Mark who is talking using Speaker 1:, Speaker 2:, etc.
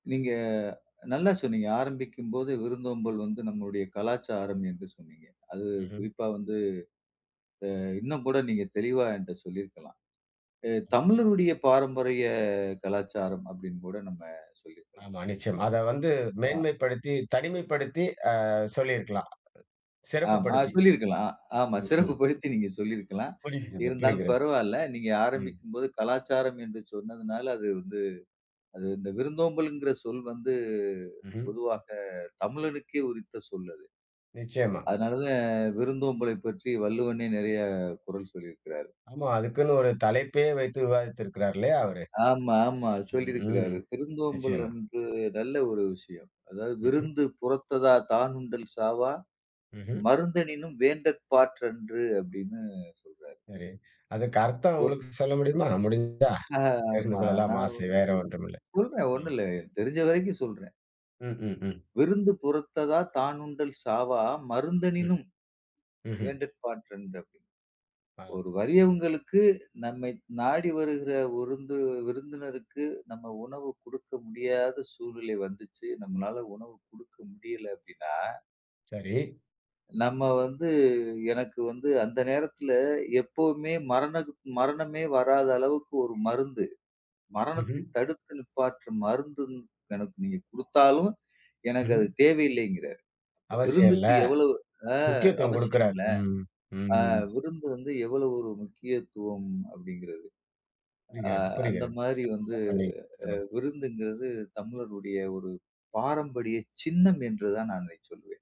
Speaker 1: நீங்க நல்லா சொன்னீங்க. ஆரம்பிக்கும்போது விருந்தோம்பல் வந்து நம்முடைய கலாச்சாரம் என்று சொன்னீங்க. அது
Speaker 2: ம்ஹ்ம்.
Speaker 1: குறிப்பா வந்து அ இன்னும் கூட நீங்க தெளிவா என்ட சொல்லியிருக்கலாம். அ
Speaker 2: ம்.
Speaker 1: "தமிழருடைய பாரம்பரிய கலாச்சாரம்" அப்டின்னு கூட நம்ம சொல்லிருக்கலாம்.
Speaker 2: ஆமா, நிச்சயமா. அத வந்து
Speaker 1: ஆ.
Speaker 2: மேன்மைப்படுத்தி, தனிமைப்படுத்தி அ சொல்லியிருக்கலாம். சிறப்பு
Speaker 1: ஆமா,
Speaker 2: படுத்தி.
Speaker 1: சொல்லிருக்கலாம். ஆமா, சிறப்பு
Speaker 2: ம்ஹ்ம்.
Speaker 1: படுத்தி நீங்க சொல்லிருக்கலாம்.
Speaker 2: புரிகிறது,
Speaker 1: இருந்தாலும்
Speaker 2: புரிகிறது.
Speaker 1: பரவால்ல. நீங்க
Speaker 2: ம்.
Speaker 1: ஆரம்பிக்கும்போது "கலாச்சாரம்" என்று சொன்னதனால, அது வந்து அது இந்த விருந்தோம்பல்ங்கிற சொல் வந்து
Speaker 2: ம்ஹ்ம்.
Speaker 1: பொதுவாக தமிழனுக்கே உரித்த சொல் அது.
Speaker 2: நிச்சயமா.
Speaker 1: அதனால தான் விருந்தோம்பலை பற்றி வள்ளுவனே நெறைய குறள் சொல்லியிருக்கிறாரு.
Speaker 2: ஆமா. அதுக்குன்னு ஒரு தலைப்பே வைத்து விவாதித்திருக்கிறாரு, இல்லையா? அவரு,
Speaker 1: ஆமா, ஆமா.
Speaker 2: ம்.
Speaker 1: சொல்லிருக்கிறாரு. விருந்தோம்பல்
Speaker 2: நிச்சயமா.
Speaker 1: வந்து நல்ல ஒரு விஷயம். அதாவது
Speaker 2: ம்ஹ்ம்.
Speaker 1: "விருந்து புறத்ததா தானுண்டல் சாவா
Speaker 2: ம்ஹ்ம்.
Speaker 1: மருந்தெனினும் வேண்டற் பாற் றன்று." அப்பிடின்னு சொல்றாரு.
Speaker 2: சரி. அதற்கு அர்த்தம்
Speaker 1: ஒரு
Speaker 2: உங்களுக்கு சொல்ல முடியுமா? முடிந்தா,
Speaker 1: ஆ
Speaker 2: தெரிந்து
Speaker 1: ஆமா.
Speaker 2: கொள்ளலாம்
Speaker 1: நான்
Speaker 2: ஆசை. வேறு ஒன்றும் இல்லை,
Speaker 1: ஓரு சொல்றேன்
Speaker 2: ம்.
Speaker 1: ஒண்ணுல்ல. எனக்கு தெரிஞ்ச வரைக்கும் சொல்றேன்.
Speaker 2: ம், ம், ம்.
Speaker 1: "விருந்து புறத்ததா தானுண்டல் சாவா
Speaker 2: ம்,
Speaker 1: மருந்தெனினும்
Speaker 2: ம்ஹ்ம்.
Speaker 1: வேண்டற்பாற் றன்று" அப்பிடீன்னு.
Speaker 2: ஆ.
Speaker 1: ஒரு வறியவங்களுக்கு, நம்மை நாடி வருகிற விருந்து விருந்தினருக்கு நம்ம உணவு குடுக்க முடியாத சூழ்நிலை வந்துச்சு, நம்மானால உணவு குடுக்க முடியல அப்பிடீன்னா
Speaker 2: சரி.
Speaker 1: நம்ம வந்து எனக்கு வந்து அந்த நேரத்ல எப்பவுமே மரணத் மரணமே வராத அளவுக்கு 1 மருந்து. மரணத்தை
Speaker 2: ம்ஹ்ம்.
Speaker 1: தடுத்து நிப்பாட்ற மருந்து எனக்கு நீங்க குடுத்தாலும், எனக்கு அது
Speaker 2: ம்ஹ்ம்.
Speaker 1: தேவையில்லைங்கிறாரு. அப்ப
Speaker 2: அவசியம் இல்ல.
Speaker 1: விருந்துக்கு எவ்ளோ அ
Speaker 2: முக்கியத்துவம் குடுக்கிறார்.
Speaker 1: அவசியமில்ல.
Speaker 2: ம்,
Speaker 1: அ
Speaker 2: ம்.
Speaker 1: விருந்து வந்து எவ்வளோ ஒரு முக்கியத்துவம் அப்படிங்கிறது. அ
Speaker 2: புரிகிறது,
Speaker 1: அந்த
Speaker 2: புரிகிறது.
Speaker 1: மாரி வந்து
Speaker 2: சிறப்பா சொன்னீங்க.
Speaker 1: அ
Speaker 2: ஆ.
Speaker 1: விருந்துங்கிறது தமிழருடைய ஒரு பாரம்பரிய சின்னம் என்று தான் நான் இதை சொல்வேன்.